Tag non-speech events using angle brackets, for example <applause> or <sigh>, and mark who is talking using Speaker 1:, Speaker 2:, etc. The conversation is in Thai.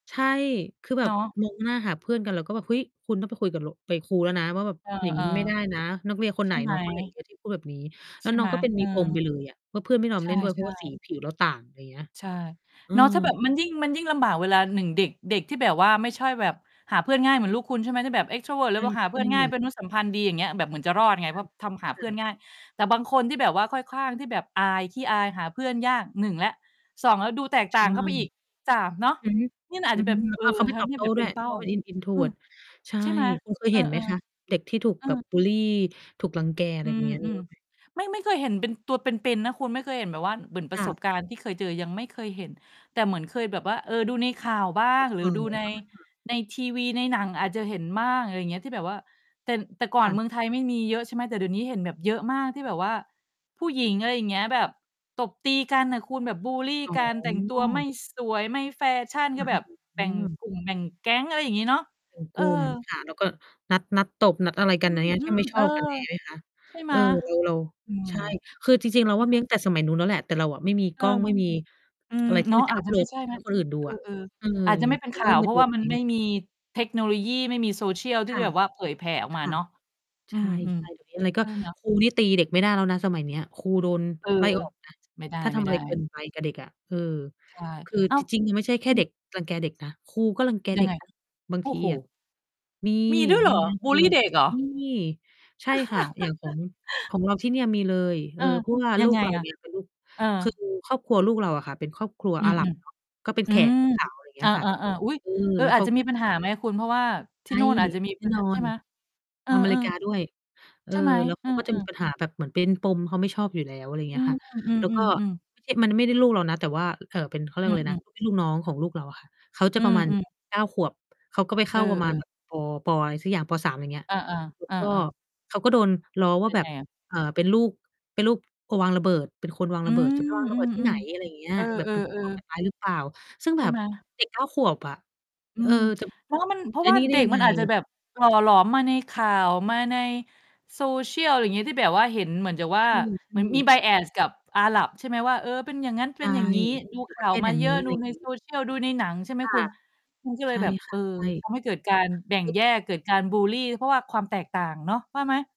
Speaker 1: ใช่ คือแบ
Speaker 2: เน
Speaker 1: บ
Speaker 2: าะ
Speaker 1: มองหน้าหาเพื่อนกัน แล้วก็แบบ เฮ้ย คุณต้องไปคุย ล กับครูแล้วนะว่า แบบ
Speaker 2: เออ
Speaker 1: อย่างนี้ไม่ได้นะ นักเรียนค
Speaker 2: ๆ ใ
Speaker 1: น
Speaker 2: ช
Speaker 1: ไหน
Speaker 2: ่ไหม?
Speaker 1: น้อง คนไหนเนี่ยที่ พูดแบบนี้ แล
Speaker 2: ใ
Speaker 1: ้
Speaker 2: ช
Speaker 1: ว
Speaker 2: ่
Speaker 1: น
Speaker 2: ไ
Speaker 1: ้อ
Speaker 2: หม?
Speaker 1: งก็เป็น
Speaker 2: เอ
Speaker 1: มีปม
Speaker 2: อ
Speaker 1: ไปเลยอะว่า เพื่อนไม่ยอม
Speaker 2: ใช
Speaker 1: เล่
Speaker 2: ่
Speaker 1: นด้วยเพราะว่าสี
Speaker 2: ๆ
Speaker 1: ผิวเรา ต่าง อะไรอย่างเงี้ย
Speaker 2: ใช่
Speaker 1: อื
Speaker 2: เนาะ ถ้าแบบ
Speaker 1: ม
Speaker 2: มันยิ่ง มันยิ่งลำบากเวลา 1 เด็ก เด็กที่แบบว่าไม่ใช่แบบ หาเพื่อนง่ายเหมือนลูกคุณ ใช่ไหม ที่แบบ extrovert หรื
Speaker 1: ใช
Speaker 2: อว่าหาเพื่อ
Speaker 1: ่
Speaker 2: นง่าย
Speaker 1: ๆ
Speaker 2: เป็นมนุษย์สัมพันธ์ดี อย่างเงี้ย แบบเหมือนจะรอดไง
Speaker 1: ค
Speaker 2: เพร
Speaker 1: ่
Speaker 2: าะ
Speaker 1: ะ
Speaker 2: ทำหา
Speaker 1: ค
Speaker 2: เ
Speaker 1: ื
Speaker 2: พ
Speaker 1: อ
Speaker 2: ื่
Speaker 1: แ
Speaker 2: อ
Speaker 1: บ
Speaker 2: น
Speaker 1: บ
Speaker 2: ง่าย แต่บางคนที่แบบว่าค่อยข้างที่แบบอาย ขี้อาย หาเพื่อนยาก 1 แล้ว 2 แล้วดูแตกต
Speaker 1: ใช
Speaker 2: ่า
Speaker 1: ่
Speaker 2: งเข้าไปอีก 3 เนาะ
Speaker 1: อือฮึ
Speaker 2: นี่มันอา
Speaker 1: อ
Speaker 2: จ
Speaker 1: ื
Speaker 2: จ
Speaker 1: อ
Speaker 2: ะแ
Speaker 1: ฮ
Speaker 2: บ
Speaker 1: ึ
Speaker 2: บ
Speaker 1: แล้
Speaker 2: เอ
Speaker 1: ว
Speaker 2: อ
Speaker 1: ก็เขาไม่
Speaker 2: ท
Speaker 1: ตอ
Speaker 2: ำใ
Speaker 1: บ
Speaker 2: ห้
Speaker 1: โต้
Speaker 2: แบบ
Speaker 1: ด
Speaker 2: เ
Speaker 1: ้
Speaker 2: ป็
Speaker 1: ว
Speaker 2: น
Speaker 1: ย
Speaker 2: เป
Speaker 1: เพ
Speaker 2: ้า
Speaker 1: ราะเป็น In
Speaker 2: อืม
Speaker 1: Introvert ใช่
Speaker 2: ใช่ไหม?
Speaker 1: คุณเคย
Speaker 2: เออ
Speaker 1: เห็นไหมคะ
Speaker 2: ๆ
Speaker 1: เด็กที่ถูก
Speaker 2: เออ
Speaker 1: แบบบุลลี ถูกรังแก ไ
Speaker 2: อ
Speaker 1: ร
Speaker 2: ื
Speaker 1: แบบ
Speaker 2: ม
Speaker 1: เนี้ย
Speaker 2: อ
Speaker 1: ม
Speaker 2: ื
Speaker 1: ี
Speaker 2: ม
Speaker 1: บ้างไหม?
Speaker 2: ไม่ ไม่เคยเห็นเป็นตัวเป็น ๆ นะคุณ ไม่เคยเห็นแบบว่าเหมือนปร
Speaker 1: ค
Speaker 2: ะ
Speaker 1: ่
Speaker 2: ส
Speaker 1: ะ
Speaker 2: บการณ์ที่เคยเจอยังไม่เคยเห็น แต่เหมือนเคยแบบว่า เออ ดูในข่าวบ้า
Speaker 1: ใน
Speaker 2: ง
Speaker 1: ข
Speaker 2: หรือ
Speaker 1: ่าว
Speaker 2: ดูใน
Speaker 1: <unintelligible>
Speaker 2: ในทีวี ในหนังอาจจะเห็นบ้าง อะไรอย่างเงี้ยที่แบบว่า แต่ แต่ก่อ
Speaker 1: ค
Speaker 2: น
Speaker 1: ่ะ
Speaker 2: เมืองไทยไม่มีเยอะ ใช่ไหม แต่เดี๋ยวนี้เห็นแบบเยอะมากที่แบบว่า ผู้หญิง อะไรอย่างเงี้ย แบบตบตีกันน่ะคุณ แบบบุลลี
Speaker 1: อ๋
Speaker 2: กัน แต่งตัวไม
Speaker 1: อ
Speaker 2: ่สวย ไม่แฟชั่น
Speaker 1: ค
Speaker 2: ก็
Speaker 1: ่ะ
Speaker 2: แบบแ
Speaker 1: อ
Speaker 2: บ
Speaker 1: อื
Speaker 2: ่ง
Speaker 1: ม
Speaker 2: กลุ่ม แบ่งแก๊ง อะไรอย่างงี้เนาะ
Speaker 1: เป็น
Speaker 2: เอ
Speaker 1: กลุ่ม
Speaker 2: อ
Speaker 1: ค่ะ แล้วก็นัด นัดตบ นัดอะไร
Speaker 2: อ
Speaker 1: ก
Speaker 2: ื
Speaker 1: ัน อย่างเงี้ย แค่
Speaker 2: ม
Speaker 1: ไม่
Speaker 2: ๆ
Speaker 1: ช
Speaker 2: เออ
Speaker 1: อบกัน อย่างงี้ไหมคะ?
Speaker 2: ใช่ไห
Speaker 1: เ
Speaker 2: ม?
Speaker 1: ออ แล้วเรา
Speaker 2: อืม
Speaker 1: ใช่ คือจริง ๆ เรา
Speaker 2: ไม
Speaker 1: ว
Speaker 2: ่
Speaker 1: ่า
Speaker 2: เ
Speaker 1: มี
Speaker 2: ข้า
Speaker 1: ตั้ง
Speaker 2: ใ
Speaker 1: แ
Speaker 2: จ
Speaker 1: ต่สมัยนู้นแล้วแหละ แต่เราอะไม่มี
Speaker 2: เอ
Speaker 1: ก
Speaker 2: อ
Speaker 1: ล้อง ไม่มี
Speaker 2: อื
Speaker 1: อ
Speaker 2: ม
Speaker 1: ะไรท
Speaker 2: เ
Speaker 1: ี่
Speaker 2: นา
Speaker 1: ม
Speaker 2: ะ
Speaker 1: ันจ
Speaker 2: อ
Speaker 1: ะ
Speaker 2: า
Speaker 1: อ
Speaker 2: จ
Speaker 1: ัป
Speaker 2: จะ
Speaker 1: โหล
Speaker 2: ไม่
Speaker 1: ด
Speaker 2: ใช่
Speaker 1: ใ
Speaker 2: น
Speaker 1: ห
Speaker 2: ะ
Speaker 1: ้คนอื่นดู
Speaker 2: เออ
Speaker 1: อะ อือ อื
Speaker 2: ๆ อ
Speaker 1: ม
Speaker 2: าจจะไม่เป็น
Speaker 1: มั
Speaker 2: ข
Speaker 1: นเ
Speaker 2: ่
Speaker 1: ร
Speaker 2: า
Speaker 1: ิ่
Speaker 2: ว
Speaker 1: มเ
Speaker 2: เ
Speaker 1: ป
Speaker 2: พ
Speaker 1: ็
Speaker 2: ร
Speaker 1: น
Speaker 2: า
Speaker 1: ฟ
Speaker 2: ะ
Speaker 1: ี
Speaker 2: ว่
Speaker 1: ล
Speaker 2: า
Speaker 1: แบ
Speaker 2: มั
Speaker 1: บ
Speaker 2: น
Speaker 1: นี้
Speaker 2: ไ
Speaker 1: แ
Speaker 2: ม่
Speaker 1: หละ
Speaker 2: มีเทคโนโลยี ไม่มี Social ที
Speaker 1: ค
Speaker 2: ่
Speaker 1: ่
Speaker 2: จะ
Speaker 1: ะ
Speaker 2: แบบว่าเผยแผ่ออก
Speaker 1: ค
Speaker 2: มา
Speaker 1: ่ะ
Speaker 2: เนาะ อ
Speaker 1: ใ
Speaker 2: ื
Speaker 1: ช่
Speaker 2: ม
Speaker 1: ใช่ เดี๋ยวนี้ อะไร
Speaker 2: ๆ
Speaker 1: ก
Speaker 2: เ
Speaker 1: ็
Speaker 2: ออ เนาะ
Speaker 1: ครูนี่ตีเด็กไม่ได้แล้วนะสมัยเนี้ย ครูโดน
Speaker 2: เออ
Speaker 1: ไล่ ออกนะ
Speaker 2: ไม่ไ
Speaker 1: ถ้าทำอะ
Speaker 2: ด
Speaker 1: ไ
Speaker 2: ้
Speaker 1: รเกิน
Speaker 2: ๆ
Speaker 1: ไปกับเด็กอะ เออ
Speaker 2: ใช่
Speaker 1: คือ
Speaker 2: อ้า
Speaker 1: จ
Speaker 2: ว
Speaker 1: ริง ๆ ไม่ใช่แค
Speaker 2: อ
Speaker 1: ่
Speaker 2: ื
Speaker 1: เ
Speaker 2: อ
Speaker 1: ด็กรังแกเด็กนะ ครูก็รังแก
Speaker 2: ยั
Speaker 1: เด็
Speaker 2: งไ
Speaker 1: ก
Speaker 2: ง
Speaker 1: นะ บาง
Speaker 2: โอ้
Speaker 1: ที
Speaker 2: โฮ
Speaker 1: อะ มี
Speaker 2: มีด้วยเหร
Speaker 1: มี
Speaker 2: อ
Speaker 1: นะ
Speaker 2: บ
Speaker 1: คร
Speaker 2: ุ
Speaker 1: ู
Speaker 2: ลลี
Speaker 1: รัง
Speaker 2: เ
Speaker 1: แ
Speaker 2: ด
Speaker 1: ก
Speaker 2: ็ก
Speaker 1: เด็
Speaker 2: เห
Speaker 1: ก
Speaker 2: รอ?
Speaker 1: มี ใช่ค่ะ อย่างของ ข
Speaker 2: <chuckles>
Speaker 1: องเราที่นี่มีเลย เ
Speaker 2: เ
Speaker 1: อ
Speaker 2: อ
Speaker 1: อ
Speaker 2: อ
Speaker 1: เพราะว่า
Speaker 2: ยั
Speaker 1: ลู
Speaker 2: ง
Speaker 1: ก
Speaker 2: ไง
Speaker 1: เรา
Speaker 2: อะ?
Speaker 1: เนี่ยเป็นลูก
Speaker 2: เอ
Speaker 1: คือ
Speaker 2: อ
Speaker 1: ครอบครัวลูกเราอะค่ะ เป็นครอบครัว
Speaker 2: อื
Speaker 1: อา
Speaker 2: ม
Speaker 1: หรับ เนาะ ก็เป็
Speaker 2: ๆ
Speaker 1: น
Speaker 2: อื
Speaker 1: แข
Speaker 2: ม
Speaker 1: ก ขาว อะไรอย่างเง
Speaker 2: อ
Speaker 1: ี้
Speaker 2: า
Speaker 1: ยค่ะ
Speaker 2: ๆ ๆ อุ๊ย
Speaker 1: เออ
Speaker 2: เออ
Speaker 1: แล้ว
Speaker 2: อ
Speaker 1: เ
Speaker 2: า
Speaker 1: ข
Speaker 2: จ
Speaker 1: า
Speaker 2: จะมีปัญหาไหมคุณ เพราะว่าท
Speaker 1: ใช
Speaker 2: ี่
Speaker 1: ่
Speaker 2: นู่นอาจจะ มี
Speaker 1: แน
Speaker 2: ป
Speaker 1: ่
Speaker 2: ัญ
Speaker 1: น
Speaker 2: ห
Speaker 1: อ
Speaker 2: า ใช่
Speaker 1: น
Speaker 2: ไหม? เออ
Speaker 1: อเมริกาด้วย เอ
Speaker 2: ๆ ใ
Speaker 1: อ
Speaker 2: ช่ไหม?
Speaker 1: แล้วเ
Speaker 2: อ
Speaker 1: ข
Speaker 2: ื
Speaker 1: าก็จะมี
Speaker 2: ม ๆ
Speaker 1: ปัญหาแบบเหมือนเป็นปม เขาไม่ชอบอยู่แล้ว อะไรอย่างเ
Speaker 2: อ
Speaker 1: ง
Speaker 2: ื
Speaker 1: ี้ย
Speaker 2: ม
Speaker 1: ค่ะ
Speaker 2: อื
Speaker 1: แล้วก็
Speaker 2: ม ๆ ๆ
Speaker 1: ที่มัน ไม่ได้ลูกเรานะ แต่ว่า เอ่อ เป็น เขาเรีย
Speaker 2: อื
Speaker 1: กว่าอะไรนะ
Speaker 2: อ ๆ
Speaker 1: พี่น้องของลูกเราอะค่ะ เขาจะ
Speaker 2: อื
Speaker 1: ประมาณ
Speaker 2: ม ๆ
Speaker 1: 9 ขวบ เขาก็ไปเข
Speaker 2: เอ
Speaker 1: ้าประมาณ
Speaker 2: อ
Speaker 1: แบ
Speaker 2: ๆ
Speaker 1: บ ป. ป. อะไรสักอย่าง ป. 3 อย่างเงี้ย
Speaker 2: อา
Speaker 1: แล้
Speaker 2: ๆ เ
Speaker 1: ว
Speaker 2: ออ
Speaker 1: ก็
Speaker 2: ๆ
Speaker 1: เขาก็โดนล้อว
Speaker 2: เ
Speaker 1: ่
Speaker 2: ป
Speaker 1: า
Speaker 2: ็น
Speaker 1: แบ
Speaker 2: ไง
Speaker 1: บ
Speaker 2: อะ?
Speaker 1: เอ่อ เป็นลูก เป็นลูกคนวางระเบิด เป็นคนวาง
Speaker 2: อื
Speaker 1: ระเบิด
Speaker 2: อ
Speaker 1: จะไปวางร
Speaker 2: อ
Speaker 1: ะ
Speaker 2: ื
Speaker 1: เบิด ที่ไหน
Speaker 2: อ
Speaker 1: อะไรอย่างเงี้
Speaker 2: ๆ เ
Speaker 1: ย
Speaker 2: ออ
Speaker 1: แบบเป็น ผู้ ก่อก
Speaker 2: ๆ ๆ
Speaker 1: ารร้ายหรือเปล่า ซึ่ง
Speaker 2: ใช
Speaker 1: แบ
Speaker 2: ่
Speaker 1: บ
Speaker 2: ไหม?
Speaker 1: เด็ก 9 ขวบอะ
Speaker 2: อื
Speaker 1: เออ
Speaker 2: ม <smacks lips>
Speaker 1: จะ
Speaker 2: เราว่ามัน เพรา
Speaker 1: จะ
Speaker 2: ะ
Speaker 1: ไอ
Speaker 2: ว
Speaker 1: ้
Speaker 2: ่า
Speaker 1: นี้ได
Speaker 2: เด
Speaker 1: ้
Speaker 2: ็ก
Speaker 1: ยัง
Speaker 2: ม
Speaker 1: ไ
Speaker 2: ั
Speaker 1: ง?
Speaker 2: นอาจจะแบบหล่อหลอมมาในข่าว มาใน Social อะไรอย่างงี้ ที่แบบว่าเห็นเหมือนกับว่า
Speaker 1: ใช่
Speaker 2: เหมือนมี
Speaker 1: ๆ
Speaker 2: Bias กับอาหรับ ใช่ไหมว่า เออ เป็นอย่างงั้น
Speaker 1: ใ
Speaker 2: เ
Speaker 1: ช
Speaker 2: ป็น
Speaker 1: ่
Speaker 2: อย่างงี้ ดู
Speaker 1: หรื
Speaker 2: ข
Speaker 1: อป
Speaker 2: ่
Speaker 1: ระ
Speaker 2: า
Speaker 1: เท
Speaker 2: ว
Speaker 1: ศ
Speaker 2: ม
Speaker 1: อย
Speaker 2: า
Speaker 1: ่าง
Speaker 2: เยอ
Speaker 1: งี
Speaker 2: ะ
Speaker 1: ้ อะ
Speaker 2: ด
Speaker 1: ไ
Speaker 2: ู
Speaker 1: รอย่
Speaker 2: ใ
Speaker 1: า
Speaker 2: น
Speaker 1: งงี้
Speaker 2: Social ดูในหนัง ใช่ไหม
Speaker 1: ค่
Speaker 2: คุ
Speaker 1: ะ
Speaker 2: ณ มันก็เล
Speaker 1: ใช
Speaker 2: ย
Speaker 1: ่
Speaker 2: แบบ
Speaker 1: ค
Speaker 2: เอ
Speaker 1: ่ะ
Speaker 2: อ
Speaker 1: ใช่
Speaker 2: ทำให้เกิดการแบ่
Speaker 1: ค
Speaker 2: ง
Speaker 1: ือ
Speaker 2: แยก เกิดการบุลลี เพราะว่าความแตกต่างเนาะ ว่าไหม?